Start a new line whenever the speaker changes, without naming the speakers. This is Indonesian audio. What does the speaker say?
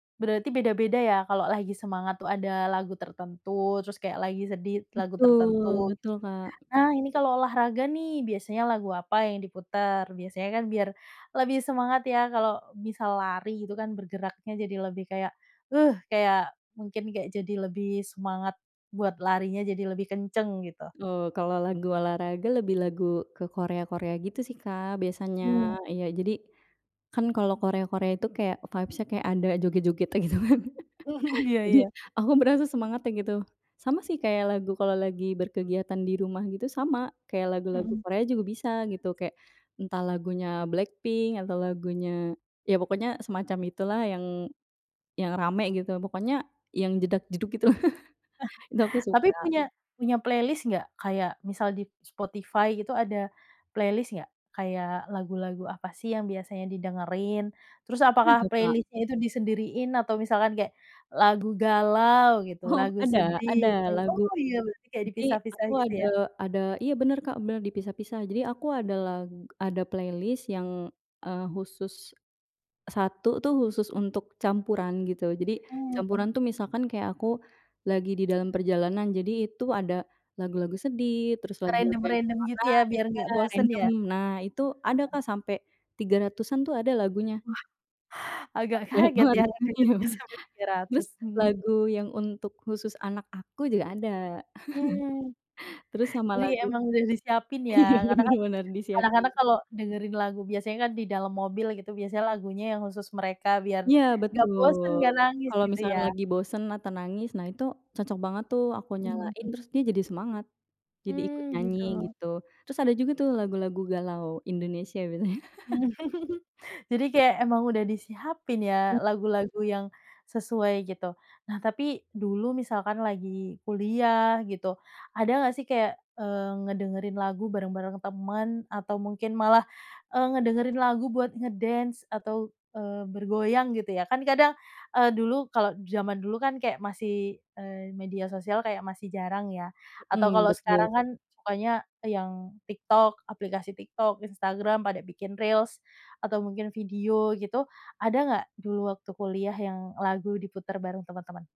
Berarti beda-beda ya kalau lagi semangat tuh ada lagu tertentu terus kayak lagi sedih lagu
Betul
tertentu gitu,
betul, Kak.
nah ini kalau olahraga nih biasanya lagu apa yang diputer? Biasanya kan biar lebih semangat ya kalau bisa lari gitu kan bergeraknya jadi lebih kayak, uh, kayak mungkin kayak jadi lebih semangat, buat larinya jadi lebih kenceng gitu.
Oh kalau lagu olahraga lebih lagu ke Korea-Korea gitu sih Kak biasanya.
Mmm.
Iya jadi, kan kalau Korea-Korea itu kayak vibes-nya kayak ada joget-jogetnya gitu kan
Iya
jadi
iya.
aku merasa semangatnya gitu, sama sih kayak lagu kalau lagi berkegiatan di rumah gitu sama kayak lagu-lagu
Mhm.
Korea juga bisa gitu kayak, entah lagunya BLACKPINK atau lagunya, ya pokoknya semacam itulah yang, yang rame gitu pokoknya yang jedag-jedug gitu itu aku
Tapi
suka.
punya punya playlist nggak? Kayak misal di Spotify gitu ada, playlist nggak? Kayak lagu-lagu apa sih yang biasanya didengerin? Terus apakah
Suka.
playlist-nya itu disendiriin atau misalkan kayak, lagu galau gitu
Oh,
lagu
ada ada
sedih
lagu
oh iya berarti kayak
jadi
dipisah-pisah
aku
gitu
ada
ya?
ada iya bener Kak, benar dipisah-pisah jadi aku ada lag ada playlist yang, eee, khusus, 1 tuh khusus untuk campuran gitu jadi
Mmm.
campuran tuh misalkan kayak aku, lagi di dalam perjalanan. Jadi itu ada, lagu-lagu sedih terus lagu-lagu
Random
yang
random gitu
nah
ya biar
iya
nggak bosen
random
ya.
nah itu ada
[unintelligible]
Kak sampai, 300-an tuh ada lagunya.
Wah, agak
Banyak
kaget
banget
ya
ya
agak kaget sampai 300,
terus
mhm.
lagu yang untuk khusus anak aku juga ada.
Mmm,
Terus sama
iya
lagu,
emang udah disiapin ya
iya
karena
bener
kan,
bener
kadang-kadang
disiapin.
kalau dengerin lagu biasanya kan di dalam mobil gitu biasanya lagunya yang khusus mereka biar,
Iya
nggak bosen
betul,
nggak nangis
kalau
gitu ya.
misalnya lagi bosen atau nangis nah itu, cocok banget tuh aku
Mmm,
nyalain
mhm.
terus dia jadi semangat, jadi ikut
Mmm,
nyanyi
gitu.
gitu terus ada juga tuh lagu-lagu galau Indonesia btw.
Jadi kayak emang udah disiapin ya lagu-lagu yang, sesuai gitu nah tapi dulu misalkan lagi kuliah gitu, ada nggak sih kayak, eee, ngedengerin lagu bareng-bareng temen atau mungkin malah, eee, ngedengerin lagu buat ngedance atau, eee, bergoyang gitu ya kan kadang, eee, dulu kalau zaman dulu kan kayak masih, eee, media sosial kayak masih jarang ya, atau
Mhm,
kalau
betul.
sekarang kan sukanya yang TikTok aplikasi TikTok, Instagram pada bikin reels, atau mungkin video gitu ada nggak dulu waktu kuliah yang lagu diputar bareng teman-teman?